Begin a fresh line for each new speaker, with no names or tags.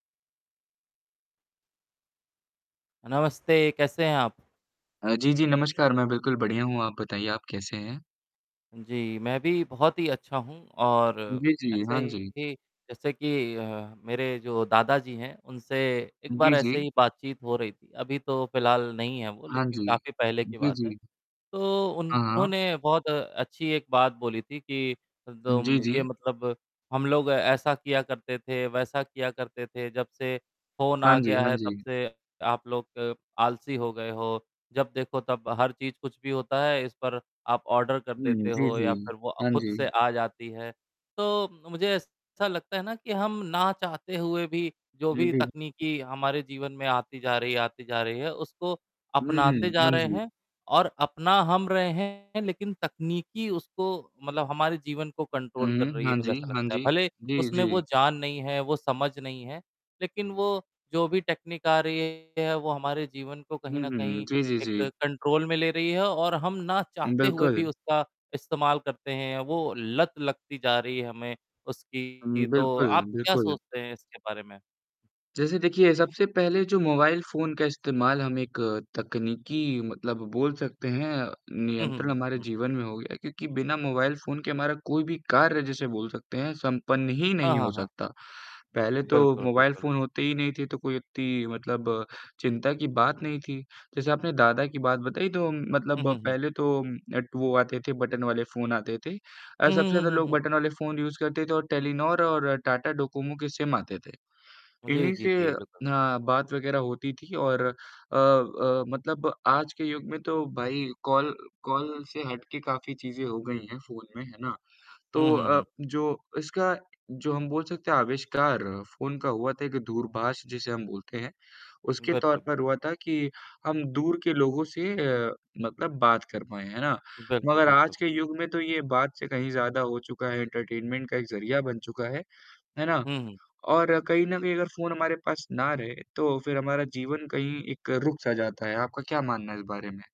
नमस्ते, कैसे हैं आप?
अ, जी, जी, नमस्कार, मैं बिल्कुल बढ़िया हूँ, आप बताइए आप कैसे हैं?
जी, मैं भी बहुत ही अच्छा हूँ और
जी, जी,
ऐसे
हाँ जी।
ही जैसे कि अ, मेरे जो दादाजी हैं, उनसे एक
जी,
बार ऐसे
जी।
ही बातचीत हो रही थी, अभी तो फिलहाल नहीं हैं वो,
हाँ
लेकिन
जी।
काफ़ी पहले की
जी,
बात है।
जी।
तो
हाँ, हाँ।
उन्होंने बहुत अच्छी एक बात बोली थी कि
जी,
दोम ये
जी।
मतलब, हम लोग ऐसा किया करते थे, वैसा किया करते थे, जब से फोन
हाँ
आ
जी,
गया
हाँ
है तब
जी।
से आप लोग आलसी हो गए हो, जब देखो तब हर चीज कुछ भी होता है, इस पर आप ऑर्डर कर
हुँ,
देते
जी,
हो या
जी,
फिर वो अ,
हाँ
खुद से
जी।
आ जाती है। तो मुझे ऐसा लगता है ना कि हम ना चाहते हुए भी, जो
हाँ
भी
जी।
तकनीकी हमारे जीवन में आती जा रही है, आती जा रही है, उसको
हुँ,
अपनाते
हुँ।
जा
हाँ
रहे
जी।
हैं और अपना हम रहे हैं, लेकिन तकनीकी उसको मतलब हमारे जीवन को
हुँ,
कंट्रोल कर
हुँ।
रही है,
हाँ
मुझे
जी,
ऐसा
हाँ
लगता है।
जी।
भले
जी,
उसमें वो
जी।
जान नहीं है, वो समझ नहीं है, लेकिन वो, जो भी टेक्नीक आ रही है, वो हमारे जीवन को कहीं
हुँ,
न
हुँ।
कहीं
जी, जी,
एक
जी।
कंट्रोल में ले रही है और हम ना चाहते हुए भी
बिल्कुल।
उसका इस्तेमाल करते हैं, वो लत लगती जा रही है हमें
हुँ,
उसकी। तो
बिल्कुल।
आप क्या
बिल्कुल।
सोचते हैं इसके बारे में?
जैसे देखिए सबसे पहले जो मोबाइल फोन का इस्तेमाल हम एक तकनीकी मतलब बोल सकते हैं,
हुँ, हुँ,
नियंत्रण
हुँ,
हमारे
हुँ।
जीवन में हो गया क्योंकि बिना मोबाइल फोन के हमारा कोई भी कार्य जैसे बोल सकते हैं, संपन्न ही
हाँ,
नहीं हो
हाँ, हाँ।
सकता। पहले तो
बिल्कुल,
मोबाइल
बिल्कुल।
फोन होते ही नहीं थे तो कोई इतनी मतलब चिंता की बात नहीं थी, जैसे आपने दादा की बात बताई तो उम,
हुँ,
मतलब
हुँ, हुँ।
पहले तो ऐट वो आते थे बटन वाले फोन आते थे, अ,
हुँ,
सबसे
हुँ,
ज़्यादा
हुँ,
लोग
हुँ।
बटन वाले फोन यूज़ करते थे और टेलीनॉर और टाटा डोकोमो के सिम आते थे,
जी,
इन्हीं
जी,
से
जी, बिल्कुल।
अ, बात वगैरह होती थी और अ अ मतलब आज के युग में तो भाई कॉल कॉल से हट के काफ़ी चीज़ें हो गई हैं फोन में, है ना?
हुँ,
तो
हुँ,
अ,
हुँ।
जो इसका जो हम बोल सकते हैं आविष्कार फोन का हुआ था एक दूरभाष जिसे हम बोलते हैं, उसके तौर
बिल्कुल, बिल्क
पर हुआ था कि हम दूर के लोगों से अ, मतलब बात कर पाएँ, है ना?
बिल्कुल,
मगर
बिल्कुल।
आज के युग में तो ये बात से कहीं ज़्यादा हो चुका है एंटरटेनमेंट का एक ज़रिया बन चुका है, है ना?
हुँ, हुँ।
और कहीं न कहीं अगर फोन हमारे पास ना रहे, तो फिर हमारा जीवन कहीं एक रुक सा जाता है, आपका क्या मानना है इस बारे में?